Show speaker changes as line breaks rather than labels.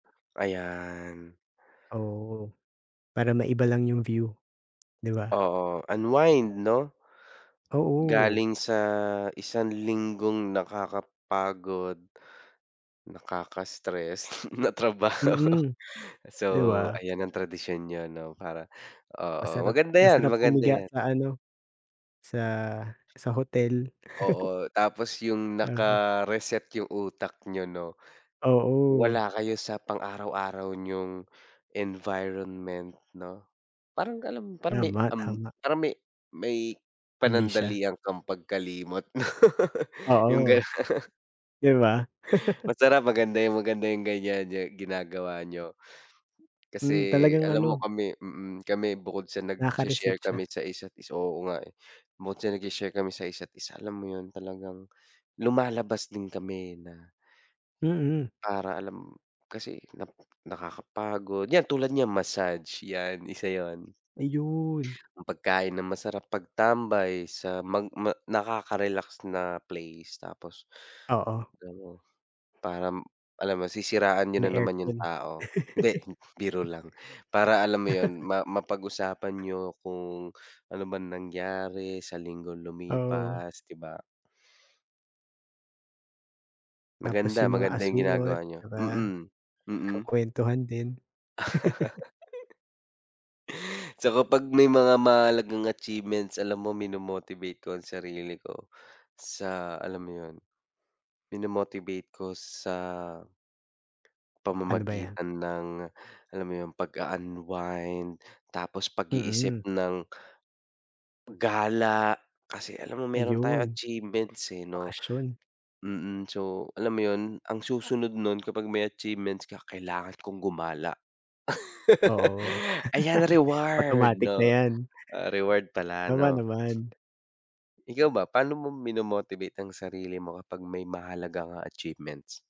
Ayan.
Oo, para maiba lang yung view, 'di ba?
Oo, unwind, 'no?
Oo.
Galing sa isang linggong nakakapagod, nakaka-stress na trabaho.
Mm,
So,
'di ba?
ayan ang tradisyon niyo, 'no, para oo,
Masarap
maganda yan,
masarap
maganda
humiga
yan.
sa ano, sa sa hotel.
Oo, tapos yung
Ah, ru
naka-reset yung utak niyo, 'no.
Oo.
Wala kayo sa pang-araw-araw niyong environment, 'no? Parang alam parang may
Tama,
um,
tama.
parang may may
Amnesia.
panandalian kang pagkalimot no, yung gano'n.
Oo. 'Di ba?
Masarap, maganda yung maganda yung ganyan niyo ginagawa niyo. Kasi
Hmm, talagang
alam mo
ano
kami mm, kami bukod sa
Nakaka-reset
nag-sha-share
siya.
kami sa isa't isa oo nga eh, bukod sa nag-sha-share kami sa isa't isa, alam mo yun, talagang lumalabas din kami na
Mm.
para, alam kasi nap nakakapagod, yan, tulad niyan, massage, yan isa 'yon.
Ayun.
Ang pagkain ng masarap, pagtambay, sa mag ma nakaka-relax na place, tapos
Oo.
pero, parang, alam mo, sisiraan niyo
May
na naman yung
aircon.
tao. Hindi, biro lang, para, alam mo 'yon, ma mapag-usapan niyo kung, ano bang nangyari, sa linggong
Oo.
lumipas, 'di ba?
Tapos
Maganda,
yung mga
maganda yung
asungot,
ginagawa niyo,
'di ba,
mm, mm.
nagkukuwentuhan din.
Tsaka 'pag may mga mahalagang achievements, alam mo, mino-motivate ko ang sarili ko, sa alam mo yun, mino-motivate ko sa
Ano ba yan?
pamamagitan ng, alam mo yun, pag-a-unwind, tapos pag-iisip
Mm.
ng gala kasi alam mo, meron tayong
Ayun,
achievements eh, 'no.
bakasyon.
Mm, so, alam mo yun, ang susunod no'n, kapag may achievements ka, kailangan kong gumala.
Oo.
Ayan, reward,
Automatic na
'no,
yan.
ah, reward pala,
Tama
'no.
naman.
Ikaw ba, paano mo mino-motivate ang sarili mo kapag may mahahalaga kang achievements?